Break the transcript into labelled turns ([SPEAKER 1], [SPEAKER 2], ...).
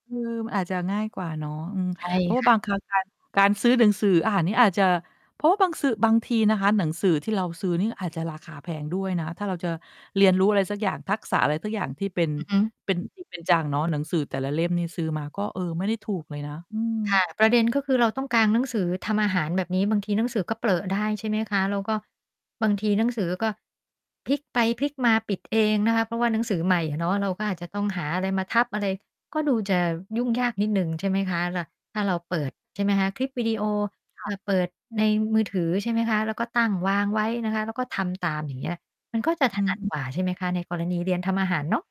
[SPEAKER 1] เออ มันอาจจะง่ายกว่าเนาะ อือ
[SPEAKER 2] ใช่
[SPEAKER 1] เพราะว่
[SPEAKER 2] ค
[SPEAKER 1] า
[SPEAKER 2] ่
[SPEAKER 1] บ
[SPEAKER 2] ะ
[SPEAKER 1] างครั้ง การ การซื้อหนังสืออาหารนี่อาจจะ เพราะว่าบางสื่อ บางทีนะคะ หนังสือที่เราซื้อนี่อาจจะราคาแพงด้วยนะ ถ้าเราจะเรียนรู้อะไรสักอย่าง ทักษะอะไรสักอย่าง ที่เป็น
[SPEAKER 2] อือฮึ
[SPEAKER 1] เป็น จริง เป็นจังเนาะ หนังสือแต่ละเล่มนี่ ซื้อมาก็ เออ ไม่ถูกเลยนะ อื
[SPEAKER 2] ค่
[SPEAKER 1] ม
[SPEAKER 2] ะ ประเด็นก็คือเราต้องกางหนังสือทำอาหารแบบนี้ บางทีหนังสือก็เปรอะได้ใช่ไหมคะ แล้วก็บางทีหนังสือก็พลิกไปพลิกมา ปิดเองนะคะ เพราะว่าหนังสือใหม่อะเนาะ เราก็อาจจะต้องหาอะไรมาทับอะไร ก็ดูจะยุ่งยากนิดหนึ่ง ใช่ไหมคะ? แล้วถ้าเราเปิด ใช่ไหมคะ? คลิปวิดีโอ
[SPEAKER 1] ค
[SPEAKER 2] อ
[SPEAKER 1] ่ะ
[SPEAKER 2] ่า เปิดในมือถือใช่ไหมคะ? แล้วก็ตั้งวางไว้นะคะ แล้วก็ทำตามอย่างเงี้ย มันก็จะ
[SPEAKER 1] อ
[SPEAKER 2] ถ
[SPEAKER 1] ื
[SPEAKER 2] นัด
[SPEAKER 1] ม
[SPEAKER 2] กว่าใช่ไหมคะ? ในกรณีเรียนท
[SPEAKER 1] ค่ะ
[SPEAKER 2] ำอาหารเนาะ